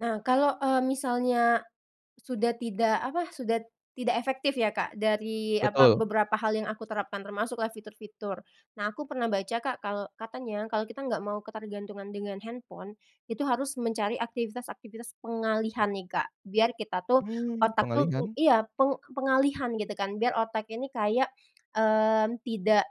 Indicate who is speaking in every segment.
Speaker 1: Nah, kalau, eee, misalnya sudah tidak apa, sudah tidak efektif ya, Kak, dari apa,
Speaker 2: Betul.
Speaker 1: beberapa hal yang aku terapkan, termasuklah fitur-fitur. Nah aku pernah baca, Kak, kalau katanya kalau kita nggak mau ketergantungan dengan handphone, itu harus mencari aktivitas-aktivitas pengalihan nih, Kak. Biar kita tuh,
Speaker 2: Mmm,
Speaker 1: otak tuh u
Speaker 2: pengalihan?
Speaker 1: iya, peng pengalihan gitu kan, biar otak ini kayak, mmm, tidak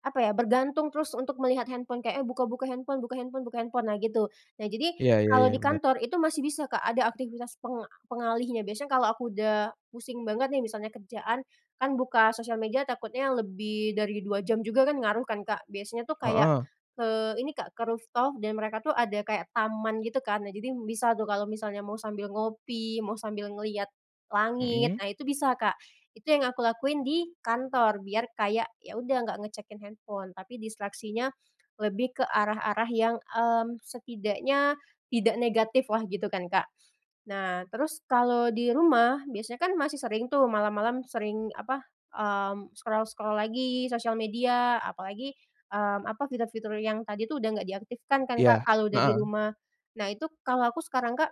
Speaker 1: apa ya, bergantung terus untuk melihat handphone. Kayak, eee, buka-buka handphone buka handphone buka handphone, nah gitu. Nah, jadi
Speaker 2: Iya iya
Speaker 1: kalau
Speaker 2: iya,
Speaker 1: di
Speaker 2: bener.
Speaker 1: kantor itu masih bisa, Kak, ada aktivitas peng pengalihnya. Biasanya kalau aku udah pusing banget nih, misalnya kerjaan, kan buka sosial media takutnya lebih dari 2 jam juga kan ngaruh kan, Kak, biasanya tuh kayak,
Speaker 2: Heeh.
Speaker 1: eee, ini, Kak, ke rooftop dan mereka tuh ada kayak taman gitu kan. Nah, jadi bisa tuh kalau misalnya mau sambil ngopi, mau sambil ngelihat langit,
Speaker 2: Mhm.
Speaker 1: nah itu bisa, Kak, itu yang aku lakuin di kantor. Biar kayak, ya udah nggak ngecekin handphone, tapi distraksinya lebih ke arah-arah yang, mmm, setidaknya tidak negatiflah gitu kan, Kak. Nah, terus kalau di rumah, biasanya kan masih sering tuh malam-malam sering apa, mmm, scroll-scroll lagi sosial media apalagi, mmm, apa, fitur-fitur yang tadi tuh udah gak diaktifkan kan, Kak,
Speaker 2: Iya,
Speaker 1: kalau udah di
Speaker 2: heeh.
Speaker 1: rumah. Nah itu, kalau aku sekarang, Kak,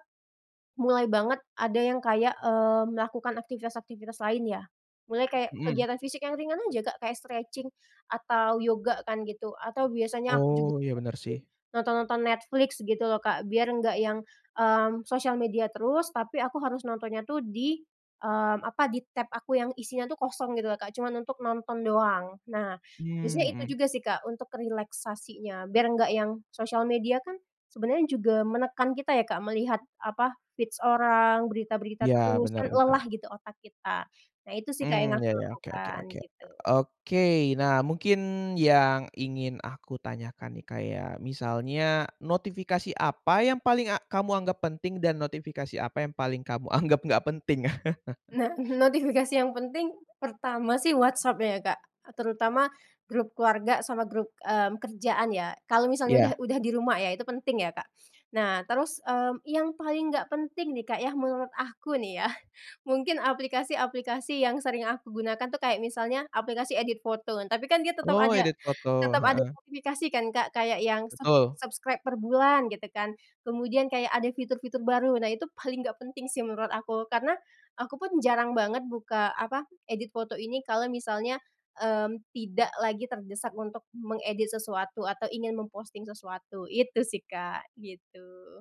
Speaker 1: mulai banget ada yang kayak, eee, melakukan aktivitas-aktivitas lain ya. Mulai kayak
Speaker 2: Mhm.
Speaker 1: kegiatan fisik yang ringan aja, Kak, kayak stretching atau yoga kan gitu, atau biasanya aku juga,
Speaker 2: Oh, iya, bener
Speaker 1: [unintelligible]
Speaker 2: sih.
Speaker 1: nonton-nonton Netflix gitu lho, Kak. Biar nggak yang, mmm, sosial media terus, tapi aku harus nontonnya tuh di, mmm, apa, di tab aku yang isinya tuh kosong gitu lho, Kak, cuman untuk nonton doang. Nah
Speaker 2: Mmm,
Speaker 1: biasanya itu
Speaker 2: mhm.
Speaker 1: juga sih, Kak, untuk relaksasinya. Biar nggak yang sosial media kan sebenarnya juga menekan kita ya, Kak, melihat apa, feeds orang, berita-berita
Speaker 2: Iya,
Speaker 1: terus,
Speaker 2: benar
Speaker 1: kan
Speaker 2: benar.
Speaker 1: lelah gitu otak kita. Nah itu sih, Kak, yang
Speaker 2: Mmm, iya
Speaker 1: aku
Speaker 2: iya, oke oke
Speaker 1: lakukan,
Speaker 2: oke,
Speaker 1: gitu.
Speaker 2: oke. Nah, mungkin yang ingin aku tanyakan nih, kayak misalnya notifikasi apa yang paling a kamu anggap penting dan notifikasi apa yang paling kamu anggap nggak penting?
Speaker 1: Nah, notifikasi yang penting, pertama sih WhatsApp ya, Kak, terutama grup keluarga sama grup, mmm, kerjaan ya. Kalau misalnya udah
Speaker 2: Iya.
Speaker 1: udah di rumah ya, itu penting ya, Kak. Nah, terus, mmm, yang paling gak penting nih, Kak, ya, menurut aku nih ya, mungkin aplikasi-aplikasi yang sering aku gunakan tuh, kayak misalnya aplikasi edit foto. Tapi kan dia tetep
Speaker 2: Oh,
Speaker 1: ada
Speaker 2: edit foto,
Speaker 1: tetep ada
Speaker 2: heeh.
Speaker 1: notifikasi kan, Kak, kayak yang ser
Speaker 2: Betul.
Speaker 1: subscribe per bulan gitu kan, kemudian kayak ada fitur-fitur baru. Nah, itu paling gak penting sih menurut aku. Karena aku pun jarang banget buka apa, edit foto ini kalau misalnya, mmm, tidak lagi terdesak untuk mengedit sesuatu atau ingin memposting sesuatu, itu sih, Kak, gitu.